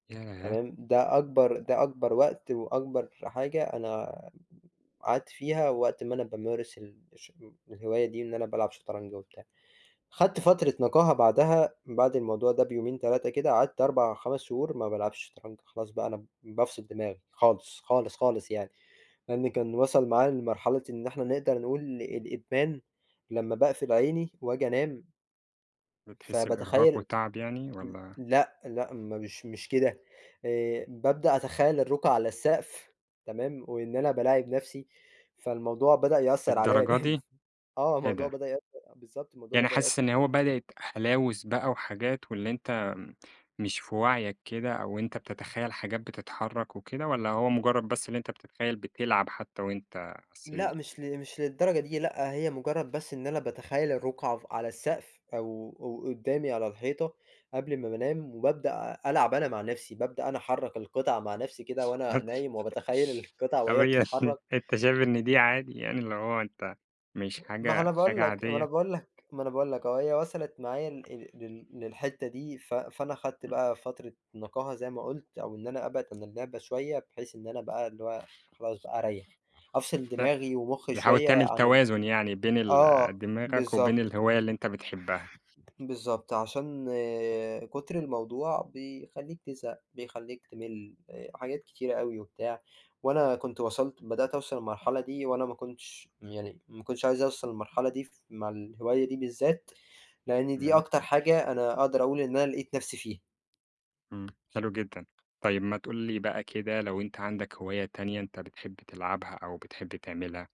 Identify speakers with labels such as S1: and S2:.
S1: ياه!
S2: تمام، ده أكبر ده أكبر وقت وأكبر حاجة أنا قعدت فيها وقت ما أنا بامارس ال الش الهواية دي إن أنا بالعب شطرنج وبتاع. خدت فترة نقاهة بعدها بعد الموضوع ده بيومين 3 كده، قعدت 4، 5 شهور ما بالعبش شطرنج، خلاص بقى أنا بافصِل دماغي خالص، خالص، خالص يعني، لإن كان وصَل معايا لمرحلة إن إحنا نقدر نقول الإدمان، لمّا باقفل عيني واجي أنام
S1: بتحس بإرهاق
S2: فباتخيَّل
S1: وتعب يعني
S2: ل
S1: والّا؟
S2: لأ، لأ، مش مش كده، آآ، بابدأ أتخيَّل الرقعة على السقف تمام، وإن أنا بالاعب نَفْسي، فالموضوع بدأ يأثر عليَّ
S1: للدرجة
S2: جامد.
S1: دي!
S2: آه،
S1: إيه
S2: الموضوع
S1: ده؟!
S2: بدأ يأثر بالضبط، الموضوع
S1: يعني
S2: بدأ يأثر.
S1: حاسس إن هو
S2: [unintelligible]
S1: بدأِت هلاوس بقى وحاجات، واللي أنت مش في وعيك كده، أو أنت بتتخيل حاجات بتتحرك وكده، والّا هو مجرد بس اللي أنت بتتخيل بتلعب حتى وأنت على
S2: لأ
S1: السرير؟
S2: مش ل مش للدرجة دي، لأ هي مجرد بس إن أنا باتخيل الرقعة ف على السقف أو أو قدّامي على الحيطة قبل امّا بانام، وبابدأ ألعب أنا مع نَفْسي، بابدأ أنا أحرّك القطع مع نَفْسي كده
S1: [unintelligible]
S2: وأنا نايم، وباتخيل القِطَع
S1: طَب
S2: وهي
S1: هي
S2: بتتحرك.
S1: أنت شايف إن دي عادي يعني اللي هو أنت مش
S2: ما هو
S1: حاجة
S2: أنا باقول
S1: حاجة
S2: لك، ما أنا
S1: عادية؟
S2: باقول لك، ما أنا باقول لك أهو، هي وصلت معايا ال ال لل للحتّة دي، ف فأنا خدت
S1: إمم.
S2: بقى فترة نقاهة زي ما قُلت، أو إن أنا أبعِد عن اللعبة شوية، بحيث إن أنا بقى اللي هو خلاص بقى أريَّح، أفصِل
S1: ت
S2: دماغي ومخي
S1: تحاول
S2: شوية
S1: تعمل
S2: عن ال
S1: توازن يعني بين ال
S2: آه،
S1: دماغك وبين
S2: بالضبط.
S1: الهواية اللي أنت بتحبها.
S2: بالضبط، عشان كُتر الموضوع بيخلّيك تزهق، بيخلّيك تِمِل حاجات كتير أوي وبتاع، وأنا كنت وصَلت بدأت أوصَل المرحلة دي، وأنا ما كنتش يعني ما كنتش عايز أوصَل المرحلة دي ف مع الهواية دي بالذات، لإن دي
S1: تمام.
S2: أكتر حاجة أنا أقدر أقول إن أنا لقيت نَفْسي فيها.
S1: إمم، حلو جدًا. طيب ما تقول لي بقى كده لو أنت عندك هواية تانية أنت بتحب تلعبها أو بتحب تعملها.